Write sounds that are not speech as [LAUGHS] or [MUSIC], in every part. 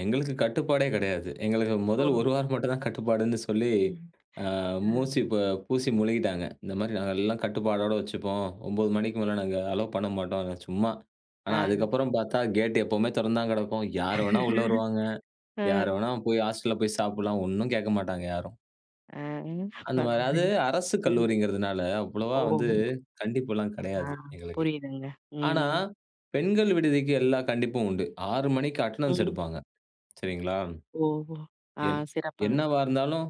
எங்களுக்கு கட்டுப்பாடே கெடையாது. எங்களுக்கு முதல் ஓ! 1 வாரம் மட்டும்தான் கட்டுப்பாடுன்னு சொல்லி, ம். அ மூசி பூசி முழுகிட்டாங்க. இந்த மாரி நாங்க எல்லாம் கட்டுப்பாடோட வச்சுப்போம். 9 மணிக்கு மேலே நாங்க அலோ பண்ண மாட்டோம். சும்மா. ஆனா ஆ. அதுக்கப்புறம் பார்த்தா கேட்டு எப்போவுமே தெறந்து தான் கெடக்கும். யாரு வேணா உள்ளே [LAUGHS] வருவாங்க, அ. யாரு வேணா போய் ஹாஸ்டல்ல போய் சாப்பிடலாம். ஒண்ணும் கேட்க மாட்டாங்க யாரும். அ, அந்த மாரி அது பரவாயில்லைங்க. அரசு ம். கல்லூரின்கிறதுனால அவ்வளவா ஓ! வந்து கண்டிப்புல்லாம் ஆ கெடையாது எங்களுக்கு. புரியுதுங்க. ஆனா, ம். பெண்கள் விடுதிக்கு எல்லாம் கண்டிப்பும் உண்டு. 6 மணிக்கு அட்டெண்டன்ஸ் ம். எடுப்பாங்க. சரிங்களா? ஓ ஆ என் சிறப்பான. என்னவா இருந்தாலும்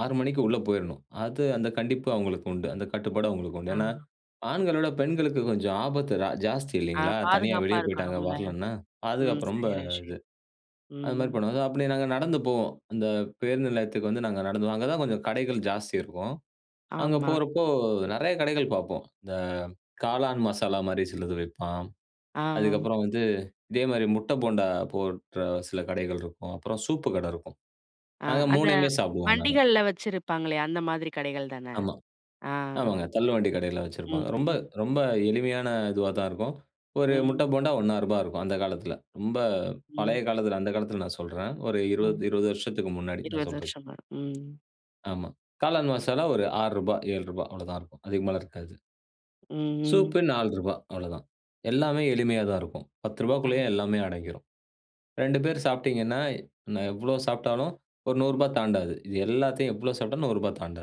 6 மணிக்கு உள்ள போயிரணும். அது அந்த கண்டிப்பு அவங்களுக்கு உண்டு. அந்த கட்டுப்பாடும் அவங்களுக்கு உண்டு. ஆ. ஏன்னா ஆண்கள விட பெண்களுக்கு கொஞ்சம் ஆபத்து ரா ஜாஸ்தி அ இல்லைங்களா? தனியா பாதுகாப்பா வெளியே போயிட்டாங்க இருக்கணும்ல. வரலன்னா ம். பாதுகாப்பு ரொம்ப பெரிய இது. விஷயம். அது மாதிரி ம். பண்ணுவாங்க. ஸோ அப்டி நாங்க நடந்து போவோம். இந்த பேருந்து நிலையத்துக்கு வந்து நாங்க நடந்துதான் அங்கதான் கொஞ்சம் கடைகள் ஜாஸ்தி இருக்கும். அங்கே ஆமா. போகிறப்போ நிறைய கடைகள் பார்ப்போம். இந்த காளான் மசாலா மாதிரி சிலது விப்பான். ஆ, ஆ. அதுக்கப்புறம் வந்து இதே மாதிரி முட்டை போண்டா போடுற சில கடைகள் இருக்கும். அப்புறம் சூப்பு கடை இருக்கும். ஆ நாங்க அந்த 3 சாப்பிடுவோம் நாங்க. வண்டிகள்ல வச்சுருப்பாங்களே அந்த மாதிரி கடைகள் தானே. ஆமா ஆ. ஆமாங்க தள்ளு வண்டி கடையில் வச்சிருப்பாங்க. ரொம்ப ம்ம். ரொம்ப எளிமையான இதுவா தான் இருக்கும். ஒரு முட்டை ம். போண்டா 1.50 இருக்கும் அந்த காலத்தில. ரொம்ப ம். பழைய காலத்தில அந்த காலத்தில் நான் சொல்றேன். ஒரு ம். 20 வருஷத்துக்கு முன்னாடி நான் 20 சொல்றது. வருஷமா ம். ஆமா. காளான் மசாலா ஒரு ரூ. 6 ரூ.7 அவ்வளவுதான் இருக்கும். அதுக்கு மேல இருக்காது. ம். சூப்க்கு ரூ. 4 அவ்வளவுதான். எல்லாமே எளிமையா தான் இருக்கும். 10 ஆ. ரூபாய்க்குள்ளேயே எல்லாமே அடங்கிரும். 2 பேர் சாப்பிட்டீங்கன்னா நான் எவ்ளோ சாப்பிட்டாலும் ஒரு 100 ரூபா தாண்டாது. இது எல்லாத்தையும் எவ்வளோ சாப்பிட்டாலும் ரூ.100 தாண்டாது.